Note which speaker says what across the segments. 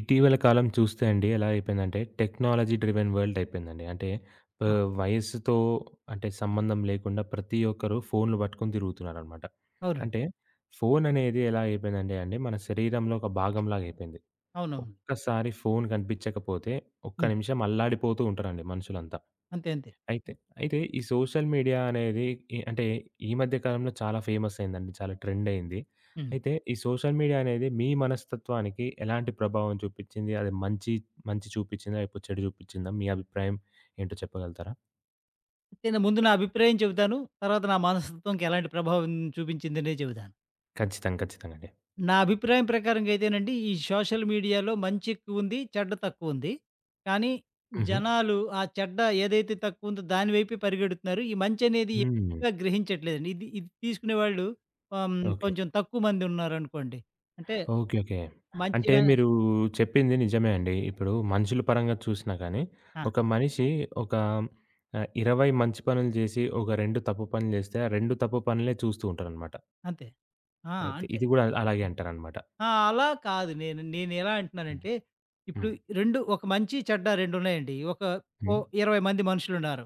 Speaker 1: ఇటీవల కాలం చూస్తే అండి. ఎలా అయిపోయిందంటే టెక్నాలజీ డ్రివెన్ వరల్డ్ అయిపోయిందండి. అంటే,
Speaker 2: ఆ!
Speaker 1: ఆహ్, వయస్సుతో అంటే, సంబంధం లేకుండా ప్రతి ఒక్కరు ఫోన్లు పట్టుకొని తిరుగుతున్నారనమాట.
Speaker 2: అవునండి.
Speaker 1: అంటే, ఫోను అనేది ఎలా అయిపోయిందంటే అండి. మన శరీరంలో ఒక భాగంలాగా అయిపోయింది.
Speaker 2: అవునవును.
Speaker 1: ఒక్కసారి ఫోను కనిపించకపోతే ఒక్క
Speaker 2: హ్మ్.
Speaker 1: నిమిషం అల్లాడిపోతూ ఉంటారండి. మనుషులంతా.
Speaker 2: అంతే. అంతే.
Speaker 1: అయితే అయితే ఈ సోషల్ మీడియా అనేది ఇ అంటే ఈ మధ్య కాలంలో చాలా ఫేమస్ అయిందండి. చాలా ట్రెండ్ అయింది.
Speaker 2: హ్మ్.
Speaker 1: అయితే ఈ సోషల్ మీడియా అనేది మీ మనస్తత్వానికి ఎలాంటి ప్రభావం చూపించింది? అది మంచి మంచి చూపించిందా? లేకపోతే చెడు చూపించిందా? మీ అభిప్రాయం ఏంటో చెప్పగలుగుతారా?
Speaker 2: నేను ముందు నా అభిప్రాయం చెబుతాను. తర్వాత నా మనస్తత్వంకి ఎలాంటి ప్రభావం చూపించిందని చెబుతాను.
Speaker 1: కచ్చితంగా. కచ్చితంగా అండి.
Speaker 2: నా అభిప్రాయం ప్రకారంగా అయితే నండి. ఈ సోషల్ మీడియా‌లో మంచి ఎక్కువ ఉంది. చెడ్డ తక్కువ ఉంది. కానీ
Speaker 1: హుహు.
Speaker 2: జనాలు ఆ చెడ్డ ఏదైతే తక్కువ ఉందో దాని వైపే పరిగెడుతున్నారు. ఈ మంచి అనేది
Speaker 1: హ్మ్.
Speaker 2: ఎక్కువగా గ్రహించట్లేదండి. ఇది ఇది తీసుకునే వాళ్ళు ఆహ్,
Speaker 1: ఓకే.
Speaker 2: కొంచెం తక్కువ మంది ఉన్నారు అనుకోండి. అంటే,
Speaker 1: ఓకే. ఓకే. అంటే,
Speaker 2: మంచిగా
Speaker 1: మీరు చెప్పింది నిజమే అండి. ఇప్పుడు మనుషుల పరంగా చూసినా కానీ.
Speaker 2: ఆ!
Speaker 1: ఒక మనిషి ఒక ఆహ్, 20 మంచి పనులు చేసి ఒక 2 తప్పు పనులు చేస్తే ఆ 2 తప్పు పనులే చూస్తూంటారన్నమాట.
Speaker 2: అంతే. ఆ!
Speaker 1: అయితే
Speaker 2: అంతే.
Speaker 1: ఇది కూడా అల్ అలాగే అంటారు అన్నమాట.
Speaker 2: ఆహ్, అలా కాదు. నేను నేను ఎలా అంటున్నానంటే. ఇప్పుడు
Speaker 1: హ్మ్.
Speaker 2: 2 ఒక మంచి చెడ్డ 2 ఉన్నాయండి. ఒక ఓ
Speaker 1: హ్మ్.
Speaker 2: 20 మంది మనుషులు ఉన్నారు.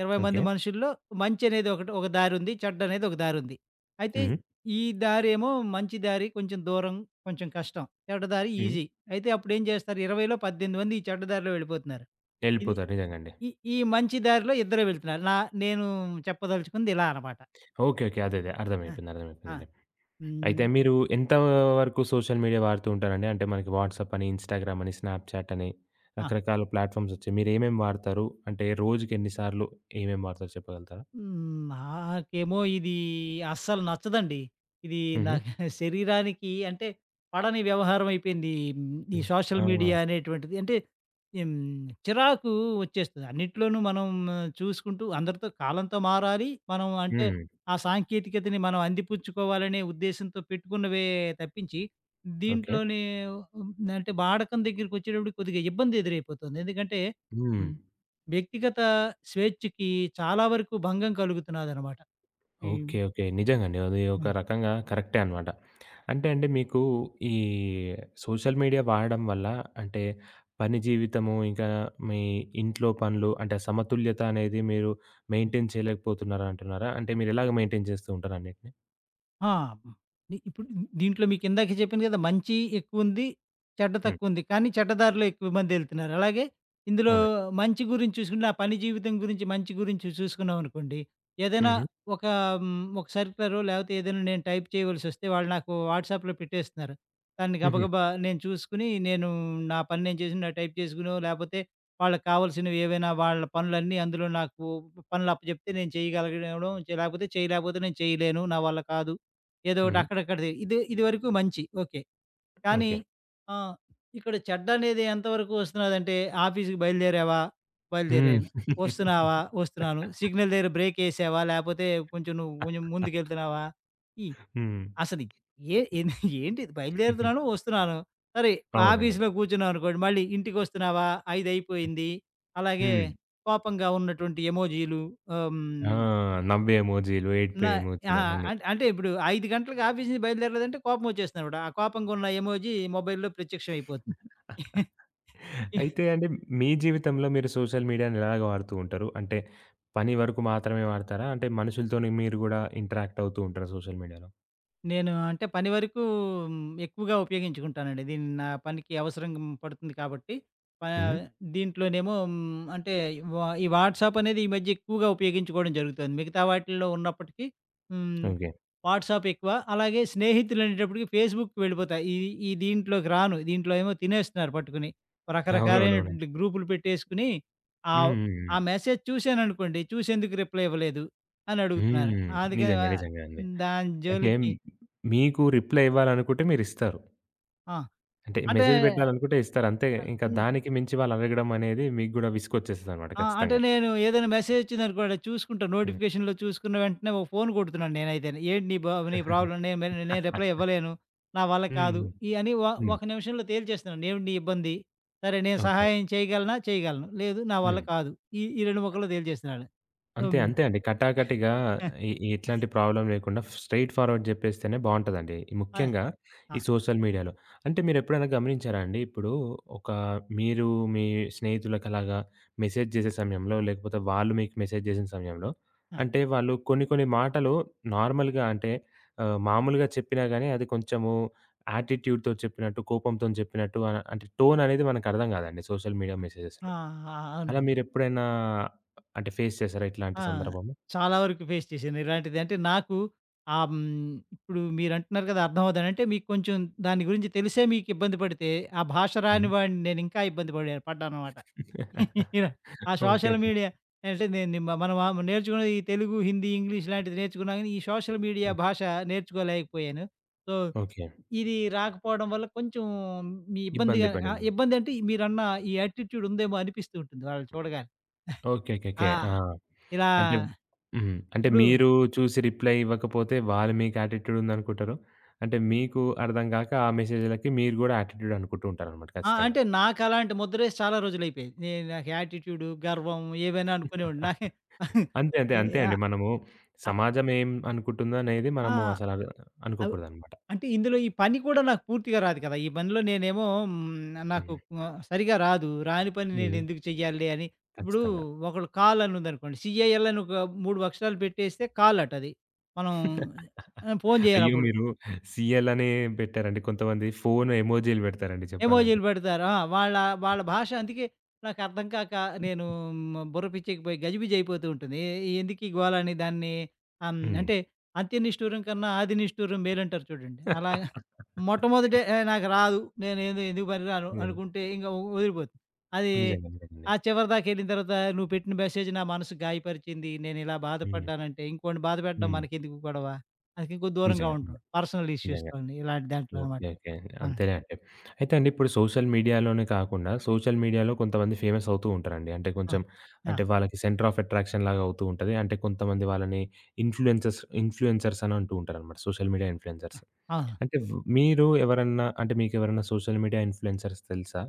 Speaker 2: 20 మంది
Speaker 1: ఓకే.
Speaker 2: మనుషుల్లో మంచి అనేది ఒకటి ఒక దారి ఉంది చెడ్డ అనేది ఒక దారి ఉంది. అయితే
Speaker 1: హుహు.
Speaker 2: ఈ దారేమో మంచి దారి, కొంచెం దూరం, కొంచెం కష్టం, చెడ్డ దారి
Speaker 1: హ్మ్.
Speaker 2: ఈజీ అయితే అప్పుడు ఏం చేస్తారు 20లో 18 మంది ఈ చెడ్డ దారిలో వెళ్ళిపోతున్నారు. ఇది
Speaker 1: ఎళ్ళిపోతారు. నిజంగా అండి.
Speaker 2: ఈ ఈ మంచి దారిలో ఇద్దరె వెళ్తున్నారు నా నేను చెప్పదలుచుకుంది ఇలా అనమాట.
Speaker 1: ఓకే. ఓకే. అదే అదే
Speaker 2: ఆ!
Speaker 1: అర్థమైపోయింది
Speaker 2: ఆ!
Speaker 1: అర్థమైపోయింది. అయితే
Speaker 2: హ్మ్.
Speaker 1: మీరు ఎంత వరకు సోషల్ మీడియా వాడుతూంటారండి అంటే, మనకి వాట్సాప్ అని, ఇన్‌స్టా‌గ్రామ్ అని, స్నాప్‌చాట్ అని
Speaker 2: ఆ!
Speaker 1: రకరకాల ప్లాట్‌ఫారమ్స్ వచ్చాయి మీరు ఏమేమి వాడతారు అంటే, రోజుకి ఎన్ని సార్లు ఏమేమి వాడతారో చెప్పగలుగుతారా?
Speaker 2: హ్మ్. నాకేమో ఇది అస్సలు నచ్చదండి. ఇది నా
Speaker 1: హుహు.
Speaker 2: శరీరానికి అంటే, పడని వ్యవహారం అయిపోయింది. ఈ
Speaker 1: హ్మ్.
Speaker 2: సోషల్
Speaker 1: ఆ!
Speaker 2: మీడియా అనేటువంటిది. అంటే, హ్మ్, చిరాకు వచ్చేస్తుంది. అన్నిట్లోనూ మనం చూసుకుంటూ అందరితో కాలంతో మారాలి. మనం అంటే,
Speaker 1: హ్మ్.
Speaker 2: ఆ సాంకేతికతను మనం అందిపుచ్చుకోవాలనే ఉద్దేశ్యంతో పెట్టుకున్నవే తప్పించి.
Speaker 1: ఓకే.
Speaker 2: దీంట్లోనే అంటే, వాడకం దగ్గరికి వచ్చేటప్పటికి కొద్దిగా ఇబ్బంది ఎదురైపోతుంది. ఎందుకంటే
Speaker 1: హ్మ్.
Speaker 2: వ్యక్తిగత స్వేచ్ఛకి చాలా వరకు భంగం కలుగుతున్నదన్నమాట. హ్మ్.
Speaker 1: ఓకే. ఓకే. నిజంగా అండి. అది ఒక
Speaker 2: హ్మ్.
Speaker 1: రకంగా కరెక్టే అన్నమాట. అంటే, అండి మీకు ఈ సోషల్ మీడియా వాడడం వల్ల అంటే, పని జీవితము ఇంకా మీ ఇంట్లో పనులు అంటే, సమతుల్యత అనేది మీరు మెయింటైన్ చేయలేకపోతున్నారా అంటున్నారా? అంటే మీరు ఎలాగా మెయింటైన్ చేస్తూంటారు అన్నిటిని.
Speaker 2: ఆ! ప పని. ఇప్పుడు దీంట్లో మీకిందాకే జెప్పాను గదా! మంచి ఎక్కువుంది, చెడ్డ
Speaker 1: హ్మ్.
Speaker 2: తక్కువుంది. కానీ చెడ్డ దారిలో ఎక్కువ మందెళ్తున్నారు. అలాగే ఇందులో
Speaker 1: అవునండి.
Speaker 2: మంచి గురించి చూసుకుంటే ఆ పని జీవితం గురించి, మంచి గురించి చూసుకున్నాం అనుకోండి, ఏదైనా
Speaker 1: హుహు.
Speaker 2: ఒక హ్మ్. ఒక సర్క్యులర్ లేపోతే ఏదైనా నేను టైప్ చేయవలసొస్తే వాళ్ళు నాకు వాట్స‌ప్‌లో పెట్టేస్తున్నారు. దాన్ని
Speaker 1: హుహు.
Speaker 2: గబగబా నేను చూసుకుని నేను నా పని నేను చేసిన టైప్ చేసుకోనో, లేపోతే వాళ్ళకావాల్సినవేవైనా వాళ్ళ పనులన్నీ అందులో నాకు పనులు అప్పజెప్తే నేను చేయగలగడం, లేపోతే చేయలేకపోతే నేను చేయలేను నా వల్ల కాదు. ఏదోకటి
Speaker 1: హ్మ్.
Speaker 2: అక్కడక్కడది. ఇదే ఇదివరకు మంచి ఓకే. కానీ
Speaker 1: ఓకే.
Speaker 2: ఆ! ఇక్కడ చెడ్డనేది ఎంతవరకు వస్తున్నదంటే "ఆఫీస్‌కి బయలుదేరావా?"
Speaker 1: హ్మ్.
Speaker 2: బయలుదేరాను. "ఒస్తున్నావా?" ఒస్తున్నాను. "సిగ్నల్ దెగ్గర బ్రేకేసావా?" లేపోతే కొంచెం నువ్వు, కొంచెం ముందుకెళ్తున్నావా? ఈ
Speaker 1: హ్మ్.
Speaker 2: అసలు ఏ ఏంటిది
Speaker 1: హుహు.
Speaker 2: బయలుదేరుతున్నాను ఒస్తున్నాను. సరే
Speaker 1: అవునండి.
Speaker 2: ఆఫీస్‌లో కూర్చున్నాం అనుకోండి. మళ్ళీ "ఇంటికొస్తున్నావా? ఐదయిపోయింది." అలాగే
Speaker 1: హ్మ్.
Speaker 2: కోపంగా ఉన్నటువంటి ఎమోజీలు. ఆహ్,
Speaker 1: ఆ!
Speaker 2: హ్మ్.
Speaker 1: నవ్వే ఎమోజీలు ఏడుపే
Speaker 2: నా ఆ!
Speaker 1: ఎమోజీలు అవన్నీ.
Speaker 2: అం అంటే ఇప్పుడు 5 గంటలకి ఆఫీస్ నుంచి బయలుదేరలేదంటే కోపం ఒచ్చేస్తుందనమాట. ఆ కోపంగున్న ఎమోజీ మొబైల్‌లో ప్రత్యక్షం అయిపోతుంది.
Speaker 1: అయితే అండి మీ జీవితంలో మీరు సోషల్ మీడియా‌ని ఎలాగా వాడుతూ ఉంటారు? అంటే పని వరకు మాత్రమే వాడతారా? అంటే మనుషులతోని మీరు కూడా ఇంటరాక్ట్ అవుతూ ఉంటారా సోషల్ మీడియా‌లో?
Speaker 2: నేను అంటే, పని వరకు హ్మ్. ఎక్కువగా ఉపయోగించుకుంటానండి. దీన్ని నా పనికి అవసరంగ పడుతుంది కాబట్టి, ఆహ్,
Speaker 1: హ్మ్.
Speaker 2: దీంట్లోనేమో హ్మ్. అంటే ఈ వా వాట్సాపనేది ఈ మధ్య ఎక్కువగా ఉపయోగించుకోవడం జరుగుతుంది. మిగతా వాటిల్లో ఉన్నప్పటికీ హ్మ్.
Speaker 1: ఓకే.
Speaker 2: వాట్సాపెక్కువ. అలాగే స్నేహితులు అనేటప్పటికి, ఫేస్‌బుక్‌కి వెళ్ళిపోతా. ఈ ఈ ఈ దీంట్లోకి రాను, దీంట్లో ఏమో తినేస్తున్నారు పట్టుకుని.
Speaker 1: అవునవునవునండి.
Speaker 2: రకరకాలైనటువంటి గ్రూప్లు పెట్టేసుకొని,
Speaker 1: హ్మ్.
Speaker 2: ఆవ్
Speaker 1: హ్మ్.
Speaker 2: ఆ
Speaker 1: హ్మ్.
Speaker 2: మెసేజ్ చూశాననుకోండి, చూసి ఎందుకు రిప్లై ఇవ్వలేదు. అని అడుగుతున్నారు
Speaker 1: హ్మ్.
Speaker 2: అందుకని
Speaker 1: నిజంగా.
Speaker 2: వా
Speaker 1: నిజంగా అండి.
Speaker 2: దాని
Speaker 1: అంటే,
Speaker 2: జోలికి
Speaker 1: మీకు రిప్లై ఇవ్వాలనుకుంటే మీరిస్తారు.
Speaker 2: ఆ!
Speaker 1: అంటే,
Speaker 2: అంటే
Speaker 1: మెసేజ్ పెట్టాలి అనుకుంటే ఇస్తారు అంతే.
Speaker 2: ఆహ్,
Speaker 1: ఇంక
Speaker 2: హ్మ్.
Speaker 1: దానికి మించి వాళ్ళు అడగడమనేది, మీకు కూడా విసుగొచ్చేస్తదన్నమాట
Speaker 2: ఆ! అంటే,
Speaker 1: ఖచ్చితంగా.
Speaker 2: నేను ఏదైనా మెసేజ్ వచ్చిందనుకోండి, చూసుకుంటా
Speaker 1: హ్మ్.
Speaker 2: నోటిఫికేషన్‌లో చూసుకున్న వెంటనే, ఓ ఫోను కొడుతున్నాను నేనైతే. ఏంటి నీ బా నీ ప్రాబ్లమ్ నేను మే నేను రిప్లై ఇవ్వలేను, నా వల్ల కాదు,
Speaker 1: హ్మ్.
Speaker 2: ఇయన్ని వా
Speaker 1: హ్మ్. హ్మ్.
Speaker 2: ఒక నిమిషంలో తేల్చేస్తున్నాను. ఏంటి నీ ఇబ్బంది, సరే, నేను
Speaker 1: ఓకే.
Speaker 2: సహాయం చేయగలనా, చేయగలను. లేదు నా వల్ల
Speaker 1: హ్మ్.
Speaker 2: కాదు. ఈ ఈ 2 ముక్కల్లో తేల్చేస్తున్నాను.
Speaker 1: అంతే,
Speaker 2: హ్మ్.
Speaker 1: అంతే అండి. కటాకటిగా ఎ ఎట్లాంటి ప్రాబ్లమ్ లేకుండా, స్ట్రెయిట్‌ఫార్వర్డ్ చెప్పేస్తేనే బావుంటదండి.
Speaker 2: ఆ!
Speaker 1: ముఖ్యంగా
Speaker 2: ఆ!
Speaker 1: ఈ సోషల్ మీడియాలో. అంటే మీరు ఎప్పుడైనా గమనించారా అండి, ఇప్పుడు ఒక మీరు మీ స్నేహితులకలాగా మెసేజ్ చేసే సమయంలో, లేకపోతే వాళ్ళు మీకు మెసేజ్ చేసిన సమయంలో,
Speaker 2: ఆ!
Speaker 1: అంటే వాళ్ళు కొన్ని, కొన్ని మాటలు నార్మల్‌గా అంటే ఆహ్, మామూలుగా చెప్పినా గాని, అది కొంచెము యాటిట్యూడ్‌తో చెప్పినట్టు, కోపంతోని చెప్పినట్టు అనా అంటే టోననేది మనకు అర్థం కాదండి సోషల్ మీడియా
Speaker 2: ఆ!
Speaker 1: మెసేజెస్‌లో.
Speaker 2: ఆ!
Speaker 1: అలా
Speaker 2: అవునండి.
Speaker 1: మీరు ఎప్పుడైనా అంటే ఫేస్ చేసారా ఇట్లాంటి
Speaker 2: ఆ!
Speaker 1: సందర్భము?
Speaker 2: చాలా వరకు ఫేస్ చేశాను ఇలాంటిది. అంటే నాకు, ఆహ్, హ్మ్. ఇప్పుడు మీరు అంటున్నారు కదా! అర్థంమవద్దని. అంటే మీకు కొంచెం, దాని గురించి తెలిసే మీకు ఇబ్బంది పడితే, ఆ భాష రాని
Speaker 1: హ్మ్.
Speaker 2: వాడిని నేను ఇంకా ఇబ్బంది పడే పడ్డాననమాట. ఆ
Speaker 1: ఓకే.
Speaker 2: Social
Speaker 1: okay.
Speaker 2: మీడియా అంటే, నేను నీ మా మనం ఆహ్, నేర్చుకున్న ఈ తెలుగు, హిందీ, ఇంగ్లీష్ లాంటివి నేర్చుకున్నాం గానీ, ఈ సోషల్ మీడియా
Speaker 1: హ్మ్.
Speaker 2: భాష నేర్చుకోలేకపోయాను. So,
Speaker 1: okay.
Speaker 2: ఇది రాకపోవడం వల్ల కొంచెం
Speaker 1: ఇబ్బంది
Speaker 2: ఇబ్బందిగా ఆహ్,
Speaker 1: పడిన్ను.
Speaker 2: ఇబ్బంది అంటే మీరన్న ఈ యాటిట్యూడ్ ఉందేమో అనిపిస్తూ ఉంటుంది వాళ్ళని చూడగానే.
Speaker 1: ఓకే. ఓకే. ఓకే.
Speaker 2: ఆ!
Speaker 1: ఆ!
Speaker 2: ఇలా
Speaker 1: అంటే హ్మ్. అంటే
Speaker 2: ఇప్పుడు
Speaker 1: మీరు చూసి రిప్లై ఇవ్వకపోతే, వాళ్ళు మీకు యాటిట్యూడుందనుకుంటరు. అంటే మీకు అర్థం కాక, ఆ మెసేజ్‌లకి మీరు కూడా యాటిట్యూడనుకుంటూ ఉంటారనమాట
Speaker 2: ఆ!
Speaker 1: ఖచ్చితంగా.
Speaker 2: అంటే, నాకు అలాంటి ముద్రేసి, చాలా రోజులైయిపోయింది. ఏ నాకు యాటిట్యూడు, గర్వం ఏమైనా అనుకొనివ్వండి. నాకు
Speaker 1: అంతే. అంతే.
Speaker 2: ఈ
Speaker 1: అంతే అండి.
Speaker 2: యాహ్!
Speaker 1: మనము
Speaker 2: అయ్!
Speaker 1: సమాజం ఏమి అనుకుంటుందో అనేది,
Speaker 2: ఆ!
Speaker 1: మనము అసల
Speaker 2: అవ్
Speaker 1: అనుకోకూడదనమాట.
Speaker 2: అంటే ఇందులో ఈ పని కూడా, నాకు పూర్తిగా రాదు కదా! ఈ పనిలో నేనేమో హ్మ్. న నాకు
Speaker 1: హుహు.
Speaker 2: వ సరిగ్గా రాదు. రాని పని నేను
Speaker 1: హ్మ్.
Speaker 2: ఎందుకు చెయ్యాలే అని. ఇప్పుడు
Speaker 1: కచ్చితంగా.
Speaker 2: ఒకళ్ళు కాల్ అని ఉందనుకోండి, సీఎఎల్ అని ఒక 3 అక్షరాలు పెట్టేస్తే, కాల్ అట అది. మనం ఆహ్, ఫోను
Speaker 1: అయ్యో!
Speaker 2: చెయ్యాలప్పుడు.
Speaker 1: మీరు సీఎల్ అని పెట్టారండి. కొంతమంది ఫోను ఎమోజిలు పెడతారండి చెప్పాలంటే.
Speaker 2: ఎమోజీలు పెడతారు. ఆ! వాళ్ళ వాళ్ళ భాష అందుకే నాకు అర్థం కాక, నేను హ్మ్. బుర్ర పిచ్చేకి పోయి, గజిబిజయిపోతూ ఉంటుంది. ఎ ఎందుకు ఈ గోల అని దాన్ని ఆహ్, హ్మ్.
Speaker 1: హ్మ్.
Speaker 2: అంటే 'అంత్య నిష్టురం కన్నా, ఆది నిష్ఠురం' మేలంటారు చూడండి, అలాగా మొట్టమొదట ఏహ్! నాకు రాదు, నె నేను ఎందుకు పనికిరాను
Speaker 1: నిజంగా.
Speaker 2: అనుకుంటే, ఇంక వ వదిలిపోతుంది. అది
Speaker 1: నిజంగా అంతేనండి.
Speaker 2: ఆ చివరి దాకెళ్ళిన తర్వాత, నువ్వు పెట్టిన మెసేజ్ నా మనసు గాయపరిచింది, నేను ఇలా
Speaker 1: హ్మ్.
Speaker 2: బాధపడ్డానంటే ఇంకోడిని బాధపెట్టడం
Speaker 1: హ్మ్.
Speaker 2: మనకెందుకు గొడవ. అందుకే కొద్ది దూరంగా
Speaker 1: నిజంగా.
Speaker 2: ఉంటాం.
Speaker 1: ఇలా
Speaker 2: పర్సనల్
Speaker 1: నిజంగా
Speaker 2: ఇష్యూస్‌తోని ఇలాంటి దాంట్లో అనమాట.
Speaker 1: ఓకే. ఓకే.
Speaker 2: అవునండి.
Speaker 1: అంతెలేండి. అయితే అండి, ఇప్పుడు సోషల్ మీడియాలోనే కాకుండా, సోషల్ మీడియాలో కొంతమంది ఫేమసవుతూ ఉంటారండి. అంటే,
Speaker 2: ఆ!
Speaker 1: కొంచెం అంటే
Speaker 2: ఆ!
Speaker 1: వాళ్ళకి సెంటర్ ఆఫ్ అట్రాక్షన్ లాగా అవుతూ ఉంటది. అంటే కొంతమంది వాళ్ళని ఇన్‌ఫ్లుయెన్సర్స్ ఇన్‌ఫ్లుయెన్సర్స్ అని అంటూ ఉంటారనమాట. Social media influencers.
Speaker 2: ఆ! అవును.
Speaker 1: అంటే వ్ మీరు ఎవరన్నా అంటే, మీకు ఎవరైనా సోషల్ మీడియా ఇన్‌ఫ్లుయెన్సర్స్ తెలుసా?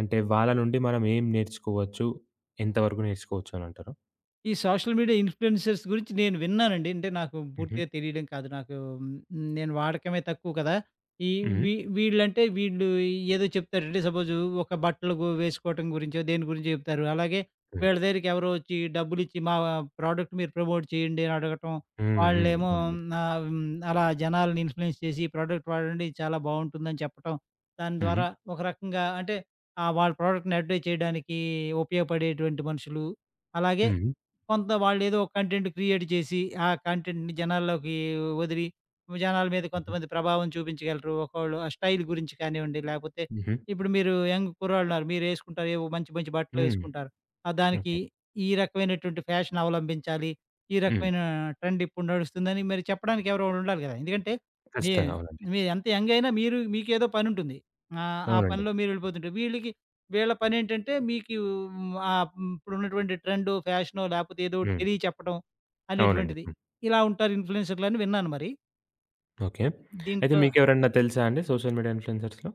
Speaker 1: అంటే వాళ్ళ నుండి మనం ఏం నేర్చుకోవచ్చు? ఎంత వరకు నేర్చుకోవచ్చనంటారు?
Speaker 2: ఈ సోషల్ మీడియా ఇన్‌ఫ్లు‌యెన్సర్స్ గురించి నేను విన్నానండి. అంటే, నాకు
Speaker 1: హుహు.
Speaker 2: పూర్తిగా తెలియడం కాదు నాకు. నేను వాడకమే తక్కువ కదా! ఈ
Speaker 1: హ్మ్.
Speaker 2: వీ వీళ్ళంటే వీళ్ళు ఏదో చెప్తారండి. సపోజు ఒక బట్టలుగు వేసుకోవటం గురించో దేని గురించో చెప్తారు. అలాగే
Speaker 1: హ్మ్.
Speaker 2: వీళ్ళ దగ్గరికి ఎవరో వచ్చి డబ్బులు ఇచ్చి మా వా ప్రొడక్ట్ మీరు ప్రమోట్ చేయండి అని అడగటం,
Speaker 1: హ్మ్. హ్మ్.
Speaker 2: వాళ్ళేమో
Speaker 1: అవునండి.
Speaker 2: ఆహ్, అలా జనాలని ఇన్‌ఫ్లుయెన్స్ చేసి ఈ ప్రోడక్ట్ వాడండి చాలా బావుంటుందని చెప్పటం. దాని ద్వారా
Speaker 1: హుహు.
Speaker 2: ఒక రకంగా అంటే ఆహ్, వాళ్ళ ప్రోడక్ట్‌ని అడ్వటైజ్ చేయడానికి ఉపయోగపడేటువంటి మనుషులు. అలాగే
Speaker 1: హుహు.
Speaker 2: కొంత వాళ్ళేదో ఒక కంటెంట్ క్రియేట్ చేసి ఆ కంటెంట్‌ని జనాల్లోకి వదిలి, జనాల మీద కొంతమంది ప్రభావం చూపించగలరు. ఒక్కోళ్ళు ఆ స్టైల్ గురించి కానివ్వండి లేపోతే
Speaker 1: హుహు.
Speaker 2: ఇప్పుడు మీరు యంగ్ కుర్రాళ్ళున్నారు. మీరేసుకుంటారు ఏవో మంచి, మంచి బట్టలు
Speaker 1: హ్మ్.
Speaker 2: వేసుకుంటారు. ఆహ్, దానికి
Speaker 1: ఓకే.
Speaker 2: ఈ రకమైనటువంటి ఫ్యాషన్ అవలంబించాలి. ఈ
Speaker 1: హ్మ్.
Speaker 2: రకమైన ట్రెండ్ ఇప్పుడు నడుస్తుందని మరి చెప్పడానికి ఎవరో ఒకళ్ళు ఉండాలి కదా! ఎందుకంటే, మీ
Speaker 1: ఖచ్చితంగా. అవునండి.
Speaker 2: మీరెంత యంగ్ అయినా మీరు మీకేదో పనుంటుంది. ఆహ్, ఆ
Speaker 1: అవునండి.
Speaker 2: పనిలో మీరు వెళ్ళిపోతుంటే. వీళ్ళకి వీళ్ళ పనేంటంటే మీకు ఆహ్, హ్మ్. ఇప్పుడు ఉన్నటువంటి ట్రెండు, ఫ్యాషనో లేకపోతే ఏదోకటి
Speaker 1: హ్మ్.
Speaker 2: తెలియ చెప్పడం
Speaker 1: అవునండి.
Speaker 2: అనేటువంటిది.
Speaker 1: హ్మ్.
Speaker 2: ఇలా ఉంటారు ఇన్‌ఫ్లు‌యెన్సర్లని విన్నాను మరి.
Speaker 1: ఓకే. అయితే
Speaker 2: దీంట్లో
Speaker 1: మీకెవరన్నా తెలుసా అండి. Social media ఇన్‌ఫ్లుయెన్సర్స్‌లో?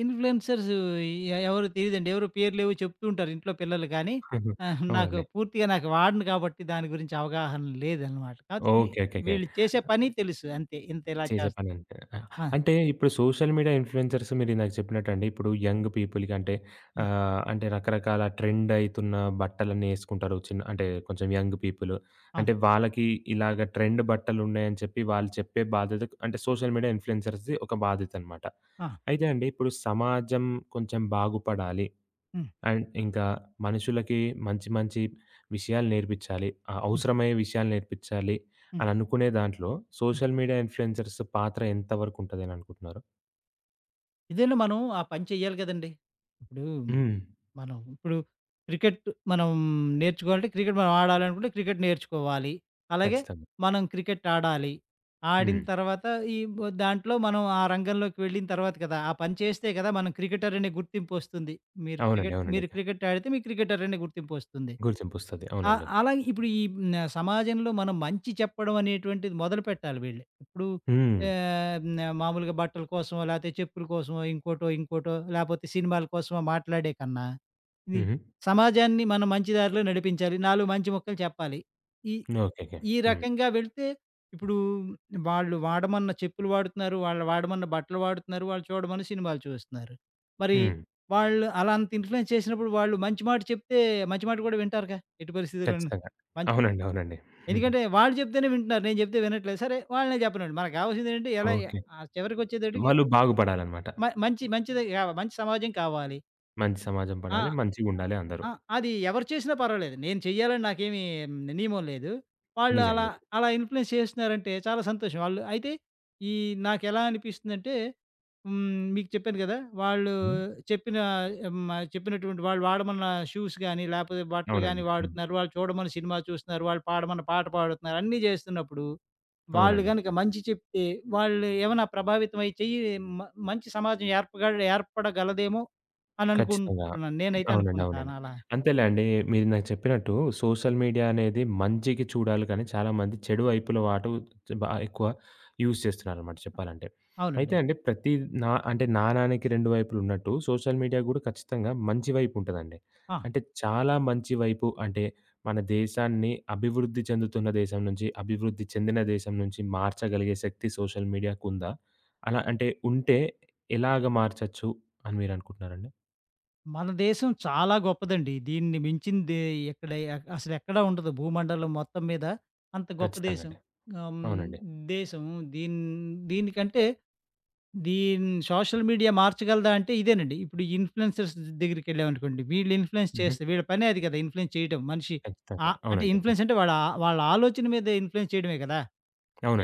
Speaker 2: ఇన్‌ఫ్లుయెన్సర్స్ ఈ య ఎవరూ తెలీదండి. ఎవరొ పేర్లేవొ చెప్తూ ఉంటారు ఇంట్లో పిల్లలు గాని, ఆహా! నాకు
Speaker 1: అవునండి.
Speaker 2: పూర్తిగా నాకు వాడను కాబట్టి దాని గురించి అవగాహన లేదనమాట. కాతే వి
Speaker 1: ఓకే. ఓకేకే.
Speaker 2: వీళ్ళు చేసే పని తెలుసు అంతే ఇంతిలా
Speaker 1: చేసే
Speaker 2: చేస్తా
Speaker 1: పని అంటే, ఆహ్,
Speaker 2: ఆ!
Speaker 1: అంటే, ఇప్పుడు సోషల్ మీడియా ఇన్‌ఫ్లుయెన్సర్స్ మీరిందాక చెప్పినట్టండి ఇప్పుడు యంగ్ పీపుల్‌కి అంటే
Speaker 2: ఆ!
Speaker 1: ఆహ్, అంటే, రకరకాల ట్రెండ్ అయితున్న బట్టలన్నీ ఏసుకుంటారు. చిన్ అంటే కొంచెం యంగ్ పీపులు. అంటే
Speaker 2: అవును.
Speaker 1: వాళ్ళకి ఇలాగా ట్రెండ్ బట్టలున్నాయని చెప్పి వాళ్ళు చెప్పే బాధ్యతకు అంటే సోషల్ మీడియా ఇన్‌ఫ్లుయెన్సర్స్‌ది ఒక బాధ్యతనమాట.
Speaker 2: ఆ!
Speaker 1: అయితే అండి ఇప్పుడు సమాజం కొంచెం బాగుపడాలి.
Speaker 2: హ్మ్.
Speaker 1: అండ్ ఇంకా మనుషులకి మంచి మంచి విషయాలు నేర్పిచ్చాలి. ఆహ్,
Speaker 2: హ్మ్.
Speaker 1: అవసరమయ్యే విషయాలు నేర్పిచ్చాలి
Speaker 2: హ్మ్.
Speaker 1: అని అనుకునే దాంట్లో
Speaker 2: హ్మ్.
Speaker 1: సోషల్ మీడియా ఇన్‌ఫ్లుయెన్సర్స్ పాత్ర ఎంతవరకు ఉంటది అననుకుంటున్నారు?
Speaker 2: ఇదేనా మనం ఆ పని చెయ్యాలి కదండి! ఇప్పుడు
Speaker 1: హ్మ్.
Speaker 2: మనం ఇప్పుడు క్రికెట్టు మనం నేర్చుకోవాలంటే క్రికెట్టు మనం ఆడాలనుకుంటే, క్రికెట్టు నేర్చుకోవాలి. అలాగే
Speaker 1: ఖచ్చితంగా.
Speaker 2: మనం క్రికెట్టు ఆడాలి. ఆడిన
Speaker 1: హ్మ్.
Speaker 2: తర్వాత ఈ బ్ దాంట్లో మనం ఆ రంగంలోకి వెళ్ళిన తర్వాత గదా! ఆ పని చేస్తే గదా మనం క్రికెటరనే గుర్తింపొస్తుంది. మీరు
Speaker 1: అవునండి.
Speaker 2: క్రికెట్టు
Speaker 1: అవునండి.
Speaker 2: మీరు క్రికెట్టు ఆడితే మీకు క్రికెటరనే గుర్తింపొస్తుంది.
Speaker 1: గుర్తింపొస్తది.
Speaker 2: ఆహ్,
Speaker 1: అవునండి.
Speaker 2: అలాగే ఇప్పుడు ఈ హ్మ్. న సమాజంలో మనం మంచి చెప్పడం అనేటువంటిది మొదలుపెట్టాలి వీళ్ళు. ఇప్పుడు
Speaker 1: హ్మ్.
Speaker 2: ఆహ్, న మామూలుగా బట్టల కోసమో లేతే చెప్పుల కోసమో ఇంకోటో, ఇంకోటో లేపోతే సినిమాల కోసమో మాట్లాడే కన్నా ఇది
Speaker 1: హుహు.
Speaker 2: సమాజాన్ని మనం మంచి దారిలో నడిపించాలి. నాలుగు మంచి ముక్కలు చెప్పాలి. ఈ
Speaker 1: ఓకే. ఓకే.
Speaker 2: ఈ
Speaker 1: హ్మ్.
Speaker 2: రకంగా వెళితే, ఇప్పుడు వాళ్ళు వాడమన్న చెప్పులు వాడుతున్నారు. వాళ్ళు వాడమన్న బట్టలు వాడుతున్నారు. వాళ్ళు చూడమన్న సినిమాలు చూస్తున్నారు. మరి
Speaker 1: హ్మ్.
Speaker 2: వాళ్ళు అలా అంత ఇన్‌ఫ్లుయెన్స్ చేసినప్పుడు వాళ్ళు మంచి మాట చెప్తే మంచి మాట గూడా వింటారు‌గా. ఎట్టి పరిస్థితిలోను
Speaker 1: ఖచ్చితంగా.
Speaker 2: మన్
Speaker 1: అవునండి. అవునండి.
Speaker 2: ఎందుకంటే వాళ్ళు చెప్తేనే వింటున్నారు. నేను చెప్తే వినట్లేదు. సరే వాళ్ళనే చెప్పనివండి. మనకు కావాల్సిందేంటి ఎలా
Speaker 1: ఓకే.
Speaker 2: ఆ చివరికొచ్చేతటికి
Speaker 1: వాళ్ళు బాగుపడాలనమాట.
Speaker 2: మ మంచి మంచిదె కావాలి, మంచి సమాజం కావాలి.
Speaker 1: మంచి సమాజం
Speaker 2: ఆ!
Speaker 1: పడాలి మంచిగుండాలె అందరూ.
Speaker 2: ఆ! అది ఎవరు చేసినా పర్వాలేదు. నేను చెయ్యాలని నాకేమి నియమం లేదు. వాళ్ళు అలా
Speaker 1: నిజంగనే.
Speaker 2: అలా ఇన్‌ఫ్లుయెన్స్ చేస్తున్నారంటే, చాలా సంతోషం. ఆళ్ళు అయితే ఈ నాకెలా అనిపిస్తుందంటే హ్మ్, మీకు చెప్పాను గదా. వాళ్ళు
Speaker 1: హ్మ్.
Speaker 2: చెప్పిన మ చెప్పినటువంటి వాళ్ళు వాడమన్న షూస్ గాని, లేపోతే బట్టలు గాని
Speaker 1: అవునండి. హ్మ్.
Speaker 2: వాడుతున్నారు. వాళ్ళు చూడమన్న సినిమా చూస్తున్నారు. వాళ్ళు పాడమన్న పాట పాడుతున్నారు. అన్నీ చేస్తున్నప్పుడు వాళ్ళు
Speaker 1: అవునండి.
Speaker 2: గనక మంచి చెప్తే వాళ్ళు ఏమైనా ప్రభావితమై చెయి మ మంచి సమాజం ఏర్పగ ఏర్పడగలదేమో అని
Speaker 1: ఖచ్చితంగా
Speaker 2: అనుకుంటున్నాను. నేనైతే
Speaker 1: అవునండి.
Speaker 2: అనుకుంటాను
Speaker 1: అవునండి.
Speaker 2: అలా.
Speaker 1: అంతేలేండి మీరిందాక చెప్పినట్టు సోషల్ మీడియా అనేది మంచికి చూడాలి కానీ, చాలామంది చెడు వైపుల వాటు బాగా ఎక్కువ యూజ్ చేస్తున్నారన్నమాట చెప్పాలంటే. అయితే
Speaker 2: అవునండి.
Speaker 1: అండి ప్రతి నా అంటే నానానికి 2 వైపులున్నట్టు సోషల్ మీడియా గూడా ఖచ్చితంగా మంచి వైపుంటదండి.
Speaker 2: ఆ!
Speaker 1: అంటే చాలా మంచి వైపు అంటే మన దేశాన్ని అభివృద్ధి చెందుతున్న దేశం నుంచి అభివృద్ధి చెందిన దేశం నుంచి మార్చగలిగే శక్తి సోషల్ మీడియాకుందా? అలా అంటే ఉంటే ఎలాగా మార్చచ్చు అని మీరనుకుంటున్నారండి?
Speaker 2: మన దేశం చాలా గొప్పదండి. దీన్ని మించింది ఎక్కడ అసలెక్కడ ఉండదు. భూమండలం మొత్తం మీద అంత గొప్ప
Speaker 1: ఖచ్చితంగా
Speaker 2: దేశం.
Speaker 1: అండి.
Speaker 2: ఆహ్,
Speaker 1: అవునండి.
Speaker 2: దేశం హ్మ్ దీని దీనికంటే దీన్ని సోషల్ మీడియా మార్చగలదా? అంటే, ఇదేనండి. ఇప్పుడు ఇన్‌ఫ్లుయెన్సర్స్ దెగ్గరికెళ్ళాం అనుకోండి వీళ్ళు ఇన్‌ఫ్లుయెన్స్
Speaker 1: హ్మ్.హ్మ్.
Speaker 2: చేస్తే వీళ్ళ పనే అది గదా! ఇన్‌ఫ్లుయెన్స్ చేయడం. మనిషి ఆ
Speaker 1: ఖచ్చితంగా.
Speaker 2: అంటే
Speaker 1: అవునండి. హ్మ్.
Speaker 2: ఇన్‌ఫ్లుయెన్స్ అంటే ఆ వాళ్ళ వాళ్ళ ఆలోచన మీద ఇన్‌ఫ్లుయెన్స్ చేయడమే గదా!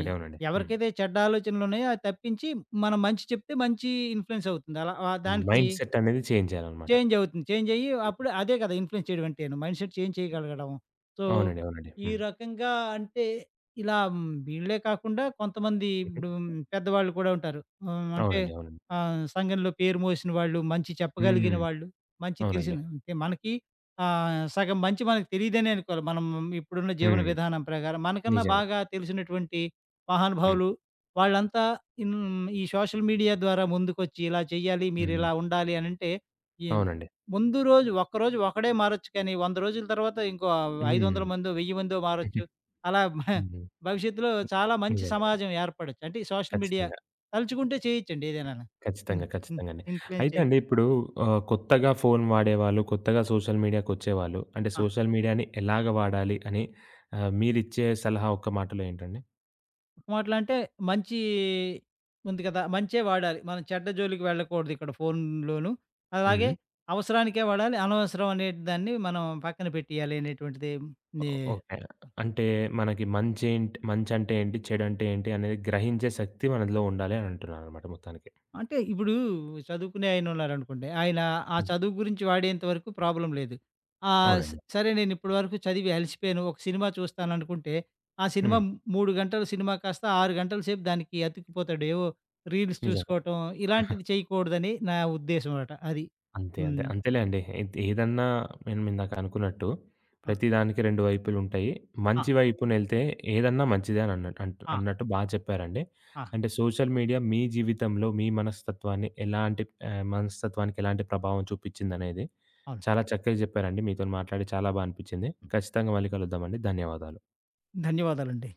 Speaker 2: ఐ
Speaker 1: అవునండి. హ్మ్.
Speaker 2: ఎవరికైతే చెడ్డ ఆలోచనలున్నాయో అది తప్పించి మనం మంచి చెప్తే మంచి ఇన్‌ఫ్లుయెన్స్ అవుతుంది. అలా ఆ దానికి
Speaker 1: మైండ్‌సెట్ అనేది చేంజ్ జేయాలన్నమాట.
Speaker 2: చేంజవుతుంది. చేంజయ్యి
Speaker 1: హ్మ్.
Speaker 2: అప్పుడు అదే గదా ఇన్‌ఫ్లుయెన్స్ చేయడం అంటేను, మైండ్‌సెట్ చేంజ్ చేయగలగడం. సో
Speaker 1: అవునండి. అవునండి.
Speaker 2: ఈ
Speaker 1: హ్మ్.
Speaker 2: రకంగా అంటే ఇలా హ్మ్, వీళ్ళే కాకుండా కొంతమంది
Speaker 1: హుహు.
Speaker 2: ఇప్పుడు పెద్దవాళ్ళు కూడా ఉంటారు. ఆహ్, అంటే
Speaker 1: అవునండి. అవునండి.
Speaker 2: ఆహ్, సంఘంలో పేరు మోసిన వాళ్ళు. మంచి
Speaker 1: హ్మ్.
Speaker 2: చెప్పగలిగిన వాళ్ళు. మంచి
Speaker 1: అవునండి.
Speaker 2: తెలిసిన అంటే మనకి ఆహ్, సగం మంచి మనకు తెలియదనే అనుకోవాలి. మనం ఇప్పుడున్న జీవన
Speaker 1: హ్మ్.
Speaker 2: విధానం ప్రకారం. మనకన్నా
Speaker 1: నిజమే.
Speaker 2: బాగా తెలిసినటువంటి
Speaker 1: హ్మ్.
Speaker 2: మహానుభావులు, వాళ్ళంతా ఈ సోషల్ మీడియా ద్వారా ముందుకొచ్చి ఇలా చెయ్యాలి,
Speaker 1: హ్మ్.
Speaker 2: మీరిలా ఉండాలి అనంటే ఈ
Speaker 1: అవునండి.
Speaker 2: ముందు రోజు ఒక్కరోజు ఒక్కడే మారొచ్చు గానీ, 100 రోజుల తరువాత ఇంకో
Speaker 1: హ్మ్.
Speaker 2: 500ల మందో 1000 మందో మారొచ్చు. అలా
Speaker 1: హ్మ్.
Speaker 2: భవిష్యత్తులో చాలా మంచి
Speaker 1: [unintelligible]
Speaker 2: సమాజం ఏర్పడొచ్చు. అంటే ఈ సోషల్ మీడియా
Speaker 1: ఖచ్చితంగా.
Speaker 2: తలుచుకుంటే చేయొచ్చండి ఏదైనాను.
Speaker 1: ఖచ్చితంగా.
Speaker 2: హ్మ్. హ్మ్.
Speaker 1: ఖచ్చితంగా అండి.
Speaker 2: ఇన్‌ఫ్లుయెన్స్
Speaker 1: అయితే
Speaker 2: చె
Speaker 1: అండి ఇప్పుడూ ఆహ్, కొత్తగా ఫోను వాడేవాళ్ళు కొత్తగా సోషల్ మీడియా‌కొచ్చేవాళ్ళు అంటే,
Speaker 2: ఆ!
Speaker 1: సోషల్ మీడియా‌ని ఎలాగ వాడాలి, అని ఆహ్, మీరిచ్చే సలహా ఒక్క మాటలో ఏంటండి?
Speaker 2: ఒక మాటలొ అంటే, మంచి ఉంది గదా! మంచే వాడాలి మనం చెడ్డ జోలికి వెళ్ళకూడదు ఇక్కడ ఫోనులోను. అలాగే
Speaker 1: హ్మ్.
Speaker 2: అవసరానికే వాడాలి, అనవసరం అనే దాన్ని మనం పక్కన పెట్టేయాలి అనేటువంటిది. ది
Speaker 1: ఓకే. అంటే, మనకి మంచెం మంచంటే ఏంటి చెడంటే ఏంటి అనేది గ్రహించే శక్తి మనలో ఉండాలని అంటున్నానన్నమాట మొత్తానికి. హ్మ్.
Speaker 2: అంటే, ఇప్పుడు చదువుకునే ఆయన ఉన్నారనుకోండి. ఆయన ఆ
Speaker 1: హ్మ్.
Speaker 2: చదువు గురించి వాడేంత వరకు ప్రాబ్లమ్ లేదు. ఆహ్,
Speaker 1: అవునండి.
Speaker 2: సరే నేనిప్పడు వరకు చదివి అలిసిపోయాను. ఒక సినిమా చూస్తాను అనుకుంటే ఆ సినిమా
Speaker 1: హ్మ్.
Speaker 2: 3 గంటల సినిమా కాస్త 6 గంటల సేపు దానికి అతికిపోతాడు. ఏవో రీల్స్
Speaker 1: నిజమే.
Speaker 2: చూసుకోవటం ఇలాంటివి చేయకూడదని నా ఉద్దేశ్యం అట అది.
Speaker 1: అంతే అంతే.
Speaker 2: హ్మ్.
Speaker 1: అంతేలేండి ఎద్ ఏదన్నా నేను ఇందాక అనుకున్నట్టు
Speaker 2: ఆ!
Speaker 1: ప్రతిదానికి 2 వైపులుటయ్యి.
Speaker 2: ఆ!
Speaker 1: మంచి వైపునెళ్తే ఏదన్నా మంచిదే అని అన్నట్టు
Speaker 2: ఆ!
Speaker 1: అన్నట్టు బా చెప్పారండి.
Speaker 2: ఆ!
Speaker 1: అంటే, సోషల్ మీడియా మీ జీవితంలో మీ మనస్తత్వాన్ని ఎలాంటి ఆహ్, మనస్తత్వానికి ఎలాంటి ప్రభావం చూపిచ్చిందనేది
Speaker 2: అవును.
Speaker 1: చాలా చక్కగ జెప్పారండి. మీతోని మాట్లాడి చాలా బాగా అనిపిచ్చింది. ఖచ్చితంగా మళ్ళీ కలుద్దామండి. ధన్యవాదాలు.
Speaker 2: ధన్యవాదాలండి.